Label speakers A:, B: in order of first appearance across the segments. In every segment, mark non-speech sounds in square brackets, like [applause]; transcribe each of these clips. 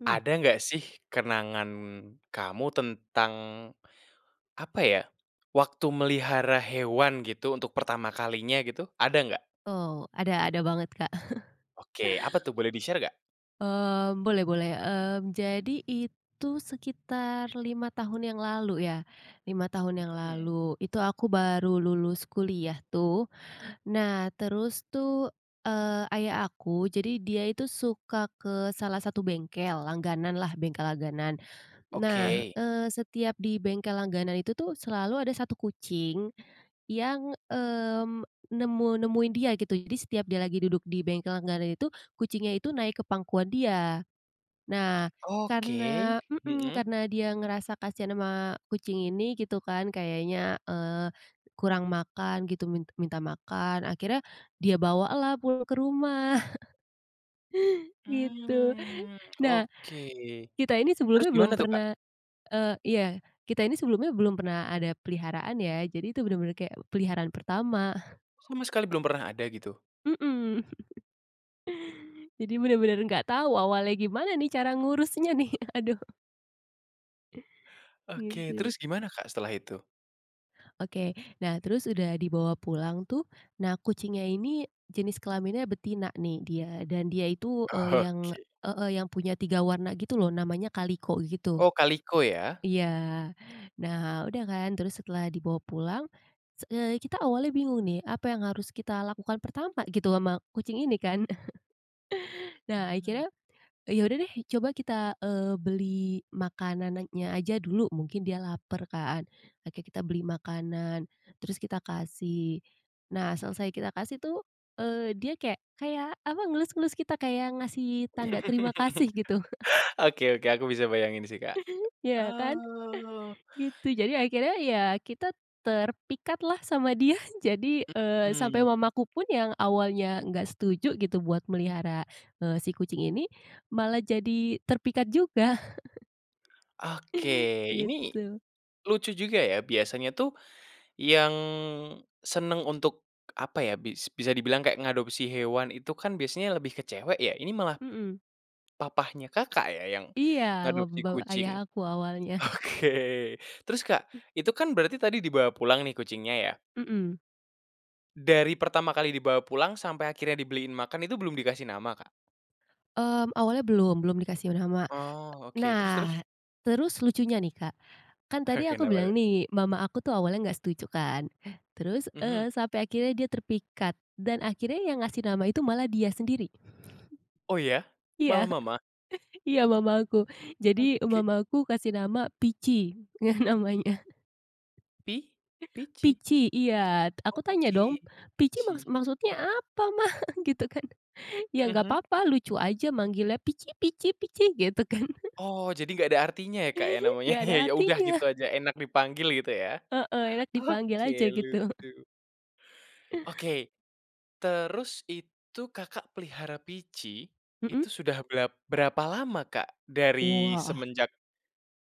A: Hmm.
B: Ada nggak sih, kenangan kamu tentang apa ya, waktu melihara hewan gitu untuk pertama kalinya gitu, ada nggak?
A: Oh, ada ada banget, Kak. [chuckles]
B: Oke, apa tuh, boleh di-share nggak?
A: Mmm, boleh boleh. Mmm
B: Mhm.
A: jadi itu sekitar 5 tahun yang lalu ya, 5 tahun yang
B: Hmm.
A: lalu, itu aku baru lulus kuliah tuh, nah terus tuh, eee, ayah aku, jadi dia itu suka ke salah satu bengkel langganan lah, bengkel langganan. Nah,
B: Oke.
A: eee, setiap di bengkel langganan itu tuh selalu ada 1 kucing yang, mmm, nemu nemuin dia gitu, jadi setiap dia lagi duduk di bengkel langganan itu, kucingnya itu naik ke pangkuan dia. Nah,
B: [smacks lips] Oke,
A: karena mhm,
B: mhm.
A: karena dia ngerasa kasihan ama kucing ini gitu kan, kayaknya, eee, kurang makan gitu, min minta makan, akhirnya dia bawalah pulang ke rumah. [chuckles] Gitu.
B: Mmm
A: [chuckles] Nah,
B: oke,
A: kita ini
B: terus
A: sebelumnya belum
B: gimana tuh, Kak?
A: pernah, eee iya, kita ini sebelumnya belum pernah ada peliharaan ya, jadi itu bener-bener kayak peliharaan pertama.
B: Sama sekali belum pernah ada gitu?
A: Mhm. [chuckles] Jadi bener-bener nggak tahu awalnya gimana nih, cara ngurusnya nih, aduh.
B: Oke,
A: Gitu.
B: terus gimana, Kak, setelah itu?
A: Oke, nah terus udah dibawa pulang tuh, nah kucingnya ini jenis kelaminnya betina nih dia, dan dia itu, eee, yang
B: Oke.
A: heeh yang punya 3 warna gitu loh, namanya kaliko gitu.
B: Oh, kaliko ya?
A: Iya. Nah, udah kan, terus setelah dibawa pulang s eee, kita awalnya bingung nih, apa yang harus kita lakukan pertama gitu sama kucing ini kan. [chuckles] Nah,
B: Mhm.
A: akhirnya, ya udah deh coba kita, eee, beli makanannya aja dulu mungkin dia lapar kan, oke kita beli makanan, terus kita kasih. Nah, selesai kita kasih tuh, eee, dia kayak kayak apa ngelus-ngelus kita, kayak ngasih tanda terima
B: [chuckles]
A: kasih gitu. [chuckles]
B: Oke oke, aku bisa bayangin sih, Kak.
A: Iya kan,
B: Oh.
A: [chuckles] gitu. Jadi akhirnya ya, kita terpikatlah sama dia. Jadi, eee, sampai
B: Mhm.
A: mamaku pun yang awalnya nggak setuju gitu, buat melihara, eee, si kucing ini malah jadi terpikat juga. [chuckles]
B: Oke, ini
A: Gitu.
B: lucu juga ya, biasanya tuh yang senang untuk apa ya, bis bisa dibilang kayak ngadopsi hewan itu kan biasanya lebih ke cewek ya, ini malah
A: Mhm.
B: papahnya Kakak ya, yang
A: Iya bap
B: ngadopsi
A: bapak
B: kucing.
A: ayah aku awalnya. [chuckles]
B: Oke, terus, Kak, itu kan berarti tadi dibawa pulang nih, kucingnya ya?
A: Mhm.
B: Dari pertama kali dibawa pulang sampai akhirnya dibeliin makan, itu belum dikasih nama, Kak?
A: Mmm, awalnya belum, belum dikasih nama.
B: Oh
A: E
B: oke, terus
A: nah,
B: terus?
A: terus lucunya nih, Kak, kan tadi
B: Oke.
A: aku
B: Kenapa
A: bilang
B: tuh?
A: nih, mama aku tuh awalnya nggak setuju kan, terus,
B: Mhm.
A: eee, sampai akhirnya dia terpikat dan akhirnya yang ngasih nama itu malah dia sendiri. [chuckles]
B: Oh ya?
A: Iya,
B: Malah mama?
A: [chuckles] iya mamaku. Jadi,
B: Oke.
A: mamaku kasih nama Pici ngeh namanya.
B: Pi Pici?
A: Pici iya. Aku tanya dong
B: Oke,
A: "Pici
B: Pici.
A: maksud maksudnya apa Mah?" Gitu kan. "Iya nggak
B: Mhm.
A: papa, lucu aja manggilnya Pici Pici Pici," gitu kan. [chuckles]
B: Oh, jadi nggak ada artinya ya, Kak, ya, namanya,
A: Ngga ada
B: ya udah
A: artinya.
B: gitu
A: [chuckles]
B: aja enak dipanggil gitu ya?
A: Heeh, enak dipanggil
B: Oke
A: aja gitu.
B: lucu. Oke. Terus itu Kakak pelihara Pici,
A: Mhm.
B: itu sudah berap berapa lama, Kak, dari
A: Wah.
B: semenjak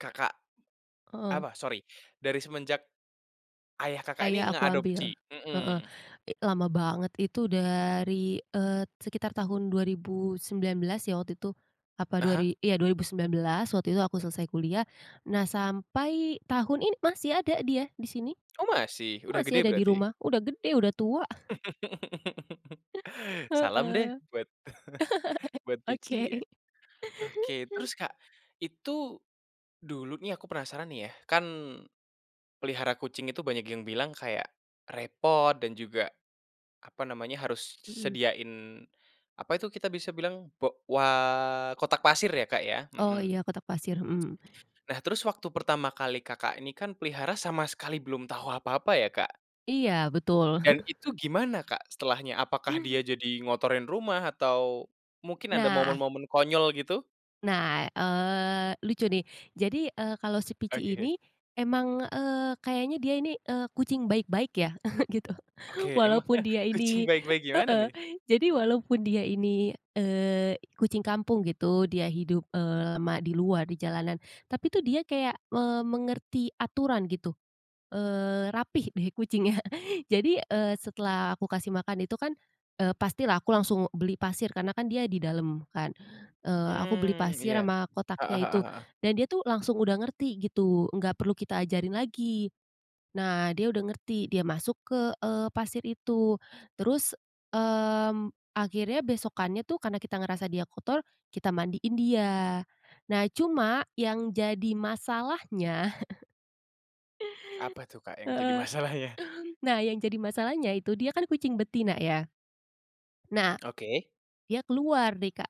B: Kakak
A: Heeh.
B: apa, sorry. Dari semenjak ayah Kakak
A: Ayah
B: ini
A: aku ambil,
B: ngeadopsi?
A: heeh.
B: Mhm.
A: I lama banget itu dari, eee, sekitar tahun 2019 ya waktu itu, apa dua
B: Heeh.
A: ri iya, 2019 waktu itu aku selesai kuliah. Nah, sampai tahun ini masih ada dia di sini.
B: Oh masih, udah
A: Masih
B: gede
A: ada di
B: berarti?
A: rumah, udah gede, udah tua. [chuckles]
B: [laughs] Salam deh
A: Heeh. [laughs]
B: buat [chuckles] buat
A: Oke.
B: Pici ya. Oke terus, Kak, itu dulu nih aku penasaran nih ya, kan pelihara kucing itu banyak yang bilang kayak repot dan juga apa namanya, harus s
A: Mmm.
B: sediain apa itu kita bisa bilang, bo wa kotak pasir ya, Kak, ya?
A: Oh
B: Mhm. [tsk]
A: ya, kotak pasir, mhm.
B: Nah, terus waktu pertama kali Kakak ini, kan pelihara sama sekali belum tahu apa-apa ya, Kak?
A: Iya betul.
B: Dan itu
A: [chuckles]
B: gimana, Kak, setelahnya apakah dia jadi ngotorin rumah atau mungkin ada
A: Nah.
B: momen-momen konyol, gitu?
A: Nah, eee, lucu nih. Jadi, eee, kalau si Pici
B: Oke.
A: ini emang, eee, kayaknya dia ini, eee, kucing baik-baik ya [chuckles] gitu.
B: Oke,
A: Walaupun
B: emangnya
A: dia
B: kucing
A: ini
B: baik-baik gimana,
A: heeh,
B: nih?
A: jadi walaupun dia ini, eee, i kucing kampung gitu, dia hidup, eee, lama di luar di jalanan. Tapi tuh dia kayak me mengerti aturan gitu, eee, rapi deh kucingnya. Jadi, eee, setelah aku kasih makan itu kan, eee, pastilah aku langsung beli pasir, karena kan dia di dalam kan, eee, aku beli
B: Mmm,
A: pasir
B: iya,
A: sama kotaknya
B: heeh heeh
A: itu,
B: heeh.
A: nah dia tuh langsung udah ngerti gitu, nggak perlu kita ajarin lagi. Nah, dia udah ngerti, dia masuk ke, eee, pasir itu, terus, mmm, akhirnya besokannya tuh, karena kita ngerasa dia kotor, kita mandiin dia. Nah cuma, yang jadi masalahnya [chuckles]
B: Apa tuh, Kak, yang jadi
A: Heeh.
B: masalahnya?
A: Nah, yang jadi masalahnya itu dia kan kucing betina ya. Nah,
B: Oke.
A: dia keluar deh, Kak,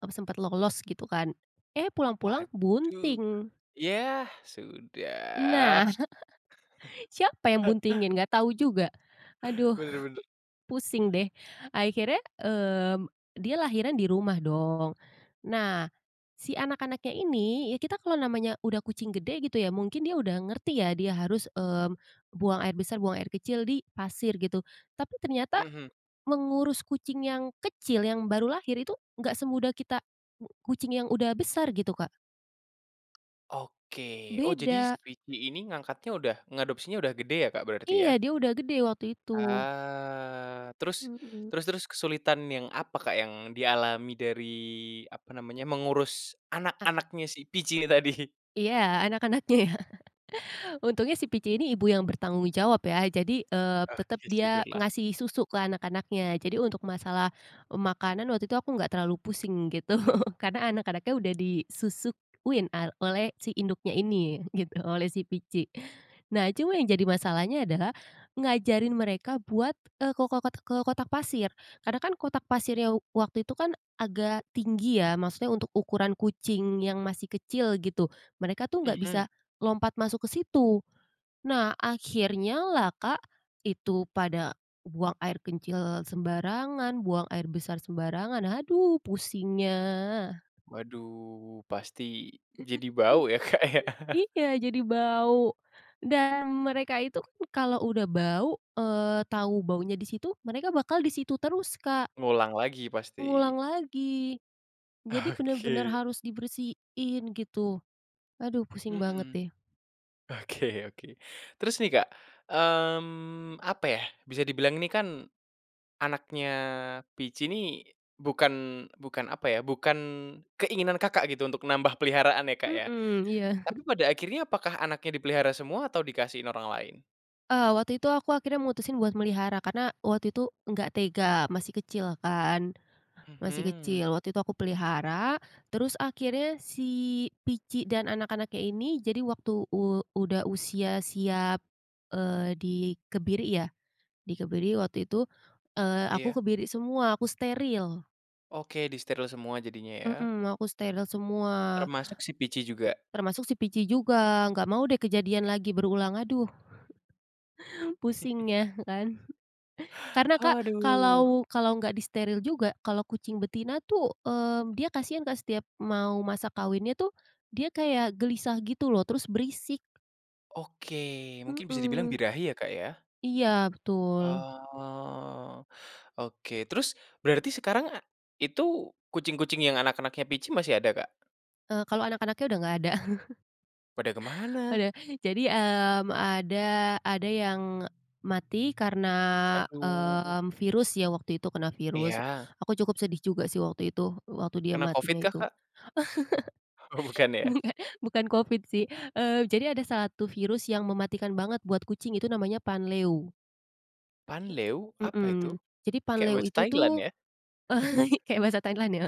A: m sempat lolos gitu kan, eh pulang-pulang
B: Waduh,
A: bunting.
B: ya sudah.
A: Nah. [chuckles] Siapa yang buntingin?
B: [laughs]
A: Nggak tau juga. Aduh,
B: Bener bener.
A: pusing deh. Akhirnya, mmm, dia lahiran di rumah dong. Nah, si anak-anaknya ini, ya kita kalau namanya udah kucing gede gitu ya, mungkin dia udah ngerti ya, dia harus, mmm, buang air besar, buang air kecil di pasir gitu, tapi ternyata
B: Mhm.
A: mengurus kucing yang kecil, yang baru lahir itu nggak semudah kita, u kucing yang udah besar gitu, Kak.
B: Oke, oh jadi si
A: Beda.
B: Pici ini ngangkatnya udah ngeadopsinya udah gede ya, Kak, berarti,
A: Iya,
B: ya?
A: dia udah gede waktu itu.
B: Ah, terus,
A: Mhm.
B: terus terus kesulitan yang apa, Kak, yang dialami dari apa namanya, mengurus
A: A
B: anak-anaknya si Pici ini tadi?
A: Iya, anak-anaknya ya. [chuckles] Untungnya si Pici ini ibu yang bertanggung jawab ya, jadi, eee, tetap
B: Oke,
A: dia
B: syukurlah.
A: ngasih susu ke anak-anaknya, jadi untuk masalah e makanan waktu itu aku enggak terlalu pusing gitu, karena anak-anaknya udah disusuin a oleh si induknya ini, gitu oleh si Pici. Nah cuma yang jadi masalahnya adalah, ngajarin mereka buat. eee, ko kotak ke kotak pasir, karena kan kotak pasirnya waktu itu kan, agak tinggi ya. Maksudnya untuk ukuran kucing yang masih kecil gitu. Mereka tuh enggak
B: Mhm.
A: bisa lompat masuk ke situ. Nah, akhirnya lah, Kak, itu pada buang air kecil sembarangan, buang air besar sembarangan, aduh pusingnya.
B: Waduh, pasti jadi
A: [chuckles]
B: bau ya, Kak, ya? [chuckles]
A: Iya, jadi bau dan mereka itu kan kalau udah bau, eee, tau baunya di situ, mereka bakal di situ terus, Kak.
B: Ngulang lagi pasti.
A: Ngulang lagi, jadi bener-bener
B: Oke.
A: harus dibersihin gitu, aduh pusing banget
B: Mhm.
A: deh.
B: Oke oke terus nih, Kak, mmm, apa ya, bisa dibilang ini kan anaknya Pici ini, bukan bukan apa ya, bukan keinginan Kakak gitu untuk nambah peliharaan ya, Kak, ya.
A: Mhm, iya.
B: Tapi pada akhirnya apakah anaknya dipelihara semua atau dikasihin orang lain?
A: Eee, waktu itu aku akhirnya mutusin buat melihara, karena waktu itu nggak tega masih kecil kan, masih
B: Mhm.
A: kecil waktu itu aku pelihara. Terus akhirnya si Pici dan anak-anaknya ini, jadi waktu u udah usia siap, eee, dikebiri ya, dikebiri waktu itu, eee, aku
B: Iya.
A: kebiri semua, aku steril.
B: Oke, disteril semua jadinya ya?
A: Mhm, aku steril semua.
B: Termasuk si Pici juga?
A: Termasuk si Pici juga, nggak mau deh kejadian lagi berulang, aduh. [chuckles] Pusingnya
B: [chuckles]
A: kan. [chuckles] Karena, Kak,
B: Aduh.
A: kalau kalau nggak disteril juga, kalau kucing betina tuh, mmm, dia kasihan, Kak, setiap mau masa kawinnya tuh, dia kayak gelisah gitu loh, terus berisik.
B: Oke, mungkin bisa dibilang
A: Mhm.
B: birahi ya, Kak, ya?
A: Iya, betul.
B: Oh. Oke, terus berarti sekarang a itu kucing-kucing yang anak-anaknya Pici masih ada, Kak?
A: Eee, kalau anak-anaknya udah nggak ada. [chuckles]
B: Pada kemana?
A: Udah, jadi, mmm, ada ada yang e mati karena,
B: Aduh.
A: mmm, virus ya waktu itu kena virus,
B: Iya.
A: aku cukup sedih juga sih waktu itu, waktu dia
B: Kena
A: matinya
B: covid kah,
A: itu.
B: Kak? Oh bukan ya.
A: [chuckles] Nggak, bukan Covid sih, eee, jadi ada salah tu virus yang mematikan banget buat kucing, itu namanya panleu.
B: Panleu
A: He
B: apa itu?
A: mhm, jadi
B: Kayak
A: panleu
B: bahasa
A: itu
B: Thailand
A: tuh
B: ya? [chuckles]
A: [chuckles] kayak bahasa Thailand ya.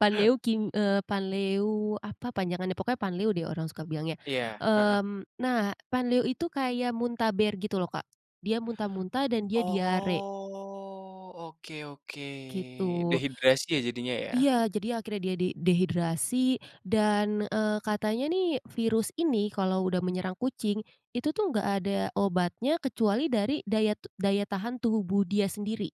A: Panleu kim eee, panleu apa panjangannya, pokoknya panleu deh orang suka bilangnya.
B: Iya, heeh.
A: Mmm, nah panleu itu kayak muntaber gitu loh, Kak, dia muntah-muntah dan dia diare.
B: Oh oke oke
A: Gitu.
B: dehidrasi ya, jadinya ya?
A: Iya, jadi akhirnya dia de dehidrasi dan, eee, katanya nih, virus ini kalau udah menyerang kucing, itu tuh nggak ada obatnya kecuali dari daya tub daya tahan tubuh dia sendiri.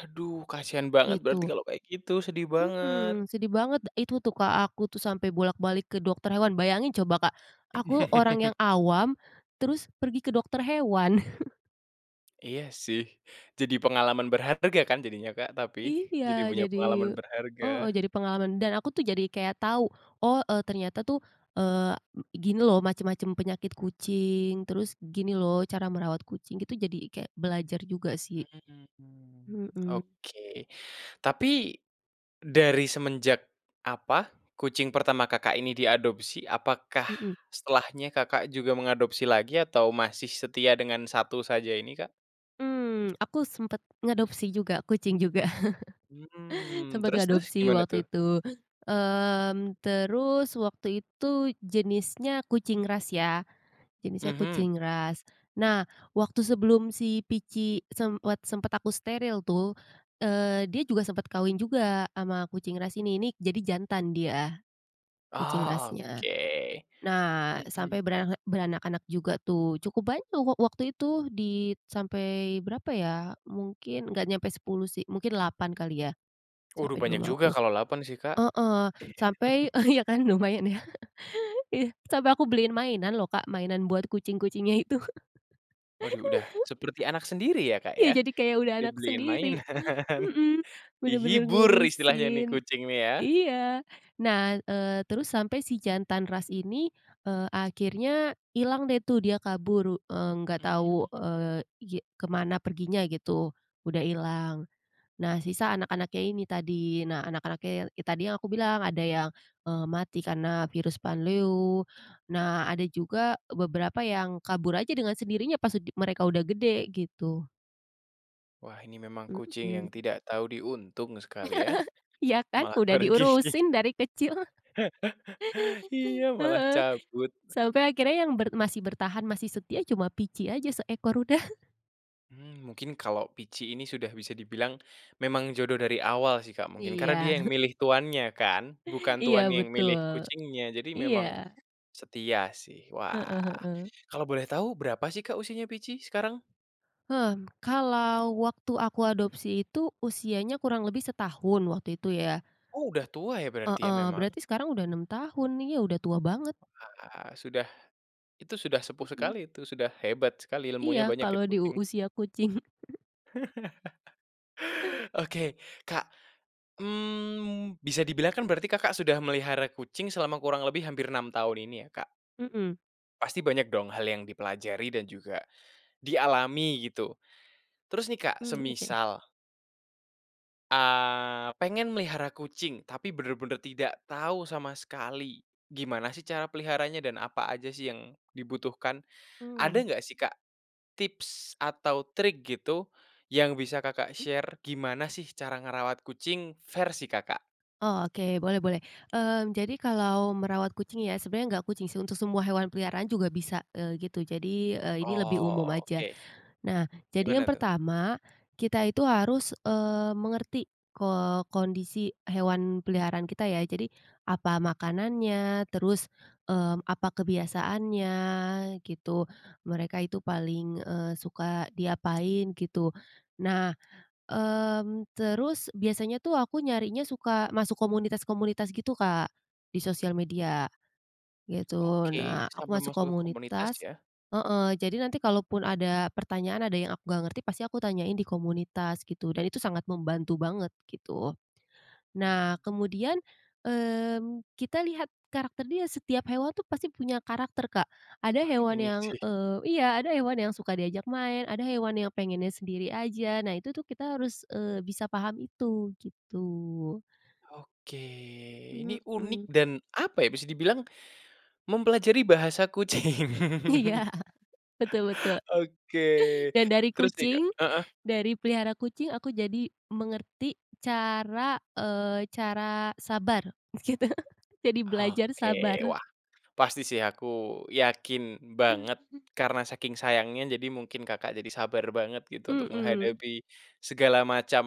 B: Aduh! Kasihan banget berarti
A: Gitu.
B: kalau kayak gitu, sedih banget.
A: Mhm, sedih banget de itu tuh, Kak, aku tuh sampai bolak-balik ke dokter hewan, bayangin coba, Kak, aku orang
B: [chuckles]
A: yang awam terus pergi ke dokter hewan. [chuckles]
B: Iya sih, jadi pengalaman berharga kan jadinya, Kak, tapi?
A: Iya,
B: Jadi punya
A: jadi
B: pengalaman berharga.
A: heeh, jadi pengalaman dan aku tuh jadi kayak tahu, "Oh e ternyata tuh, eee, m gini loh macam-macam penyakit kucing, terus gini loh cara merawat kucing," gitu jadi kayak belajar juga sih.
B: Mmm,
A: Mhm.
B: oke, tapi dari semenjak apa, kucing pertama Kakak ini diadopsi, apakah
A: Mhm.
B: setelahnya Kakak juga mengadopsi lagi atau masih setia dengan 1 saja ini, Kak?
A: Mmm, aku sempet ngadopsi juga, kucing juga [chuckles]
B: Mmm,
A: sempat
B: terus terus
A: adopsi
B: gimana
A: waktu
B: tuh?
A: itu, mmm, terus waktu itu jenisnya kucing ras ya, jenisnya
B: Mhm.
A: kucing ras. Nah waktu sebelum si Pici semwat sempet aku steril tuh, eee, dia juga sempat kawin juga ama kucing ras ini, ini jadi jantan dia kucing
B: Oh
A: rasnya.
B: oke.
A: Nah,
B: Mhm.
A: sampai berarek beranak-anak juga tuh, cukup banyak wak waktu itu dit sampai berapa ya, mungkin nggak nyampe 10 sih, mungkin 8 kali ya,
B: Uduh
A: sampai di
B: banyak juga
A: rumahku.
B: kalau 8 sih, Kak.
A: Heeh, sampai
B: [chuckles]
A: iya kan, lumayan ya. Iya, sampai aku beliin mainan loh, Kak, mainan buat kucing-kucingnya itu. [chuckles]
B: Waduh, udah seperti anak sendiri ya, Kak,
A: Iya,
B: ya.
A: jadi kayak udah anak
B: Dibeliin
A: sendiri.
B: mainan
A: Mhm, bener-bener
B: dihibur istilahnya nih
A: ngurusin.
B: kucing ya.
A: Iya. Nah, eee, terus sampai si jantan ras ini, eee, akhirnya hilang deh tuh dia kabur u eee, nggak tahu,
B: Mmm.
A: eee, ge kemana perginya gitu, udah hilang. Nah, sisa anak-anaknya ini tadi. Nah anak-anaknya tadi yang aku bilang, ada yang, eee, mati karena virus panleu, nah ada juga beberapa yang kabur aja dengan sendirinya pas ud mereka udah gede gitu.
B: Wah, ini memang kucing yang
A: Mhm.
B: tidak tahu diuntung sekali ya,
A: [laughs] Iya kan,
B: malah
A: udah
B: pergi.
A: diurusin dari kecil.
B: [laughs] Iya malah
A: Heeh,
B: cabut.
A: sampai akhirnya yang ber masih bertahan masih setia cuma Pici aja seekor, udah. [chuckles]
B: Mmm, mungkin kalau Pici ini sudah bisa dibilang memang jodoh dari awal sih, Kak, mungkin,
A: Iya.
B: karena dia yang
A: [chuckles]
B: milih tuannya kan? Bukan
A: Iya
B: tuannya yang milih
A: betul,
B: kucingnya. Jadi
A: iya.
B: memang setia sih.
A: Heeh
B: Wah,
A: heeh.
B: kalau boleh tahu berapa sih, Kak, usianya Pici sekarang?
A: Hmm, kalau waktu aku adopsi itu usianya kurang lebih setahun waktu itu ya.
B: Udah tua ya,
A: He
B: berarti ya,
A: Heeh,
B: memang.
A: berarti sekarang udah 6 tahun nih ya, udah tua banget.
B: Wah sudah, itu sudah sepuh
A: Mhm.
B: sekali itu, sudah hebat sekali
A: Iya,
B: ilmunya banyak
A: kalau
B: itu
A: di u
B: kucing.
A: usia kucing. [chuckles]
B: [chuckles] Oke, Kak, mmm, bisa dibilang kan berarti Kakak sudah melihara kucing selama kurang lebih hampir 6 tahun ini ya, Kak?
A: Mmm.
B: Pasti banyak dong hal yang dipelajari dan juga dialami gitu, terus nih, Kak,
A: Mmm, oke.
B: semisal eee, pengen melihara kucing, tapi bener-bener tidak tahu sama sekali, gimana sih cara peliharanya dan apa aja sih yang dibutuhkan? Ada
A: Mmm.
B: nggak sih, Kak, tips atau trik gitu, yang bisa Kakak
A: Hmm.
B: share gimana sih cara ngerawat kucing versi Kakak?
A: Oh oke, boleh boleh, mmm, jadi kalau merawat kucing ya, sebenarnya nggak kucing sih, untuk semua hewan peliharaan juga bisa, eee, gitu. Jadi, eee, ini lebih umum aja.
B: Oke.
A: Nah, jadi yang
B: Gimana tuh?
A: pertama kita itu harus, mmm, mengerti ko kondisi hewan peliharaan kita ya. Jadi, apa makanannya, terus, mmm, apa kebiasaannya, gitu. Mereka itu paling, eee, suka diapain gitu. Nah, mmm, terus biasanya tuh aku nyarinya suka masuk komunitas-komunitas gitu, Kak, di sosial media gitu.
B: Oke,
A: Nah aku
B: sampai
A: masuk
B: masuk ke komunitas
A: komunitas
B: ya?
A: heeh, jadi nanti kalaupun ada pertanyaan, ada yang aku nggak ngerti pasti aku tanyain di komunitas gitu, dan itu sangat membantu banget gitu.
B: Mmm,
A: Nah, kemudian,
B: mhm.
A: mmm, kita lihat karakter dia setiap hewan tuh pasti punya karakter, Kak. Ada
B: Wah,
A: hewan
B: ini
A: yang,
B: sih. [chuckles]
A: eee iya, ada hewan yang suka diajak main, ada hewan yang pengennya sendiri aja. Nah, itu tuh kita harus, eee, bisa paham itu gitu.
B: Oke, ini unik
A: Mhm.
B: dan apa ya, bisa dibilang mempelajari bahasa kucing.
A: Iya,
B: [chuckles]
A: betul betul.
B: Oke,
A: Dan dari
B: terus nih, Kak
A: kucing,
B: heeh.
A: dari pelihara kucing, aku jadi mengerti cara, eee, cara sabar gitu. Jadi belajar
B: Oke,
A: sabar.
B: wah pasti sih aku yakin banget, karena saking sayangnya jadi mungkin Kakak jadi sabar banget gitu, untuk
A: Mhm.
B: menghadapi segala macam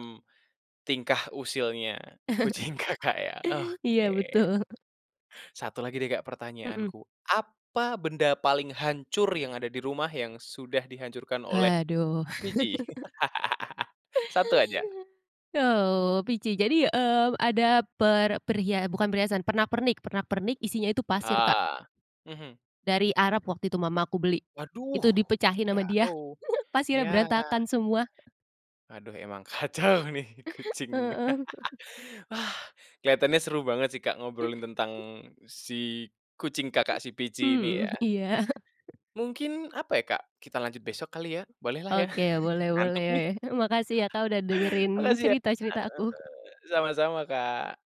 B: tingkah usilnya kucing Kakak ya.
A: [chuckles] Iya
B: Oke.
A: betul.
B: 1 lagi deh, Kak,
A: Mhm.
B: pertanyaanku. Apa benda paling hancur yang ada di rumah, yang sudah dihancurkan oleh
A: Haduh.
B: Pici?
A: [chuckles]
B: [laughs] 1 aja.
A: Oh Pici, jadi, eee, ada per pria eh bukan perhiasan, pernak-pernik pernak-pernik isinya itu pasir, Kak.
B: Ah, Mhm.
A: Dari Arab waktu itu mamaku beli,
B: Waduh!
A: itu dipecahin sama dia,
B: Jauh.
A: [chuckles] pasirnya
B: Yah.
A: berantakan semua. [chuckles]
B: Aduh, emang kacau nih kucingnya.
A: Heeh. [chuckles]
B: [laughs] Wah, kelihatannya seru banget sih, Kak, ngobrolin tentang si kucing Kakak si Pici, ini
A: Mmm,
B: ya?
A: iya.
B: Mungkin apa ya, Kak, kita lanjut besok kali ya, bolehlah ya,
A: Oke,
B: [chuckles]
A: boleh
B: ngantuk
A: boleh.
B: nih.
A: Makasih ya, Kak, udah
B: [chuckles]
A: dengerin
B: Makasih ya, Kak.
A: cerita-cerita aku.
B: Heeh heeh, sama-sama, Kak.